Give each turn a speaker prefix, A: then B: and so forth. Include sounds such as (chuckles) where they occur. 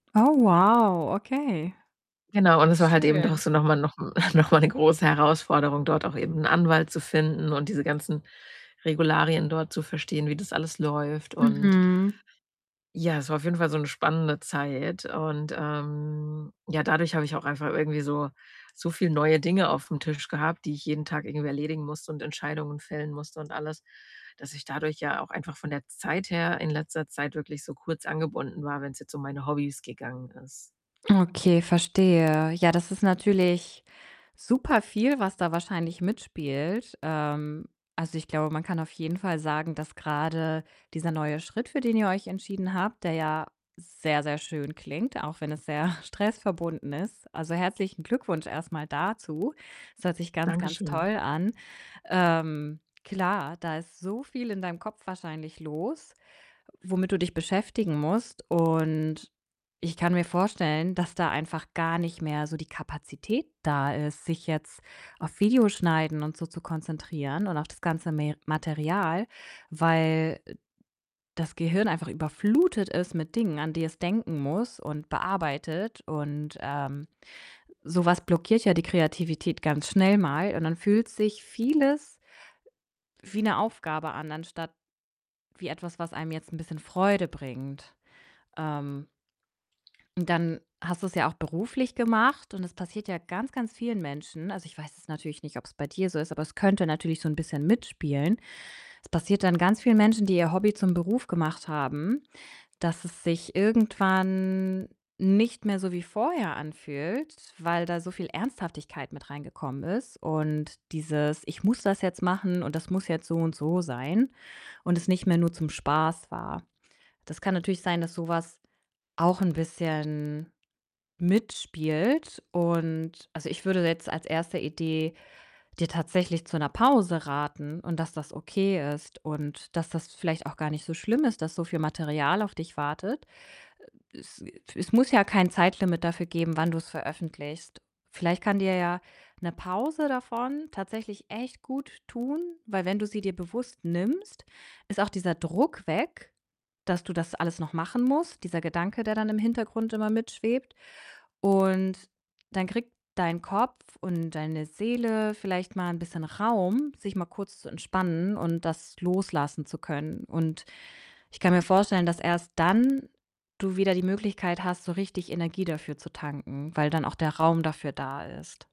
A: Oh, wow. Okay.
B: Genau, und es war halt eben doch
A: Schön.
B: so noch mal nochm (chuckles) noch mal 'ne große Herausforderung, dort auch eben 'n Anwalt zu finden und diese ganzen Regularien dort zu verstehen, wie das alles läuft. Und
A: Mhm.
B: ja, es war auf jeden Fall so 'ne spannende Zeit. Und, ähm, ja, dadurch habe ich auch einfach irgendwie so so viel neue Dinge aufm Tisch gehabt, die ich jeden Tag irgendwie erledigen musste. Und Entscheidungen fällen musste und alles. Dass ich dadurch ja auch einfach von der Zeit her in letzter Zeit wirklich so kurz angebunden war, wenn's jetzt um meine Hobbys gegangen ist.
A: Okay, verstehe. Ja, das ist natürlich super viel, was da wahrscheinlich mitspielt. Ähm, also, ich glaube, man kann auf jeden Fall sagen, dass grade dieser neue Schritt, für den ihr euch entschieden habt, der ja sehr, sehr schön klingt, auch wenn es sehr stressverbunden ist. Also, herzlichen Glückwunsch erst mal dazu. Es hört sich ganz, ganz
B: Dankeschön.
A: toll an. Ähm, klar, da ist so viel in deinem Kopf wahrscheinlich los, womit du dich beschäftigen musst. Und ich kann mir vorstellen, dass da einfach gar nicht mehr so die Kapazität da ist, sich jetzt auf Video schneiden und so zu konzentrieren und auf das ganze Me Material. Weil, äh, das Gehirn einfach überflutet ist mit Dingen, an die es denken muss und bearbeitet und, ähm, so was blockiert ja die Kreativität ganz schnell mal. Und dann fühlt sich vieles wie 'ne Aufgabe an, anstatt wie etwas, was einem jetzt 'n bisschen Freude bringt. Ähm dann hast du's ja auch beruflich gemacht. Und es passiert ja ganz, ganz vielen Menschen. Also, ich weiß es natürlich nicht, ob's bei dir so ist, aber es könnte natürlich so 'n bisschen mitspielen. Das passiert dann ganz vielen Menschen, die ihr Hobby zum Beruf gemacht haben, dass es sich irgendwann nicht mehr so wie vorher anfühlt, weil da so viel Ernsthaftigkeit mit reingekommen ist. Und dieses: „Ich muss das jetzt machen und das muss jetzt so und so sein“, und es nicht mehr nur zum Spaß war. Das kann natürlich sein, dass so was auch 'n bisschen mitspielt und, also, ich würde jetzt als 1. Idee dir tatsächlich zu 'ner Pause raten. Und dass das okay ist und dass das vielleicht auch gar nicht so schlimm ist, dass so viel Material auf dich wartet. Äh, es wir es muss ja kein Zeitlimit dafür geben, wann du's veröffentlichst. Vielleicht kann dir ja 'ne Pause davon tatsächlich echt gut tun. Weil, wenn du sie dir bewusst nimmst, ist auch dieser Druck weg, dass du das alles noch machen musst, dieser Gedanke, der dann im Hintergrund immer mit schwebt. Und dann kriegt dein Kopf und deine Seele vielleicht mal 'n bisschen Raum, sich mal kurz zu entspannen und das loslassen zu können. Und ich kann mir vorstellen, dass erst dann du wieder die Möglichkeit hast, so richtig Energie dafür zu tanken. Weil dann auch der Raum dafür da ist.